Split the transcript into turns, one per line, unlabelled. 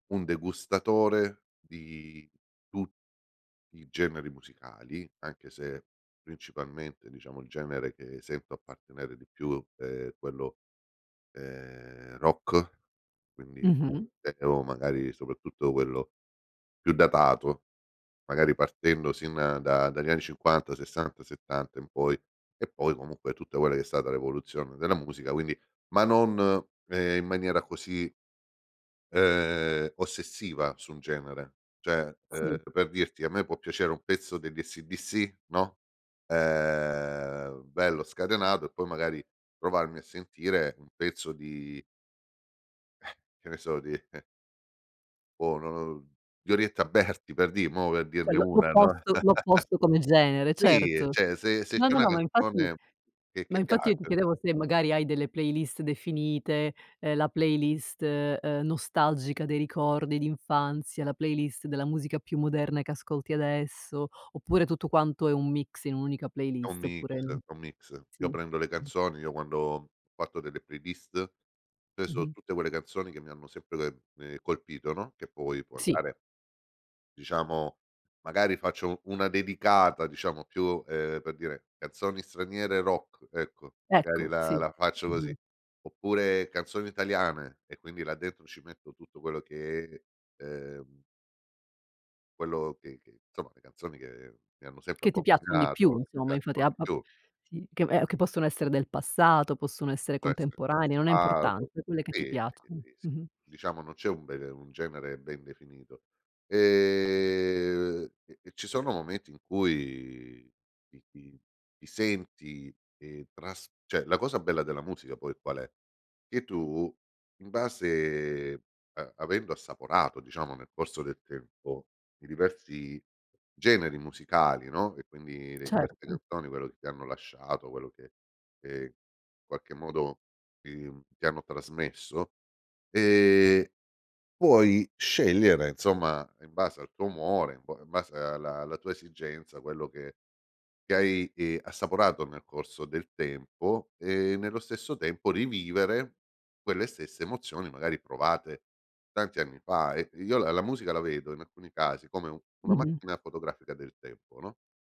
Un degustatore di tu i generi musicali, anche se, principalmente, diciamo, il genere che sento appartenere di più, è quello, ehm, rock quindi
Mh-mh.
o magari, soprattutto, quello più datato, magari, partendo, sin da dagli anni '50, '60, '70 in poi, e poi comunque tutta quella che è stata l'evoluzione della musica, quindi ma non, ehm, in maniera così, ehm, ossessiva su un genere, cioè,
Sì.
ehm, per dirti a me può piacere un pezzo degli AC/DC, no. Ehm, bello scatenato, e poi magari trovarmi a sentire un pezzo di che ne so di boh non lo di Orietta Berti per di mo per
Cioè
dirne
l'o
1, no,
l'opposto l'opposto come genere,
sì,
certo.
cioè se se
No,
c'è
no,
una
no, ma infatti
canzone che che
ma infatti, io ti
piace
chiedevo se magari hai delle playlist definite, ehm, la playlist, uhm, nostalgica dei ricordi d'infanzia, la playlist della musica più moderna che ascolti adesso; oppure tutto quanto è un mix in un'unica
È un
playlist.
mix
Oppure
è un mix. Io
sì s
prendo le canzoni, io quando ho fatto delle playlist, cioè sono
Mh-mh.
tutte quelle canzoni, che mi hanno sempre, ehm, colpito, no, che poi, può
Sì.
andare. Diciamo magari faccio una dedicata, diciamo, più, ehm, per dire, canzoni straniere rock ecco, magari
Ecco,
la
sì.
la faccio
Mh-mh.
così, oppure canzoni italiane e quindi là dentro ci metto tutto quello che, ehm quello che che insomma le canzoni che mi hanno sempre
Che ti piaccion di più
accompagnato
insomma, infatti, ab ab
[unintelligible]
sì, che ehm, che possono essere del passato, possono essere contemporanee, non è
[unintelligible]
importante, quelle che ti
sì,
piaccion
sì, sì.
Mh-mh.
Diciamo non c'è un [unintelligible] un genere ben definito. E e ci sono momenti in cui ti ti ti senti, ehm, tras cioè la cosa bella della musica poi qual è? Che tu, in base a avendo assaporato diciamo nel corso del tempo i diversi generi musicali, no, e quindi le diverse
Certo.
canzoni, quello che ti hanno lasciato, quello che che in qualche modo ti ti hanno trasmesso, ehm, puoi scegliere insomma in base al tuo umore, in base alla alla tua esigenza, quello che che hai, ehm, assaporato nel corso del tempo, e nello stesso tempo rivivere quelle stesse emozioni, magari provate tanti anni fa. E io la la musica la vedo, in alcuni casi, come una
Mh-mh.
macchina fotografica del tempo, no?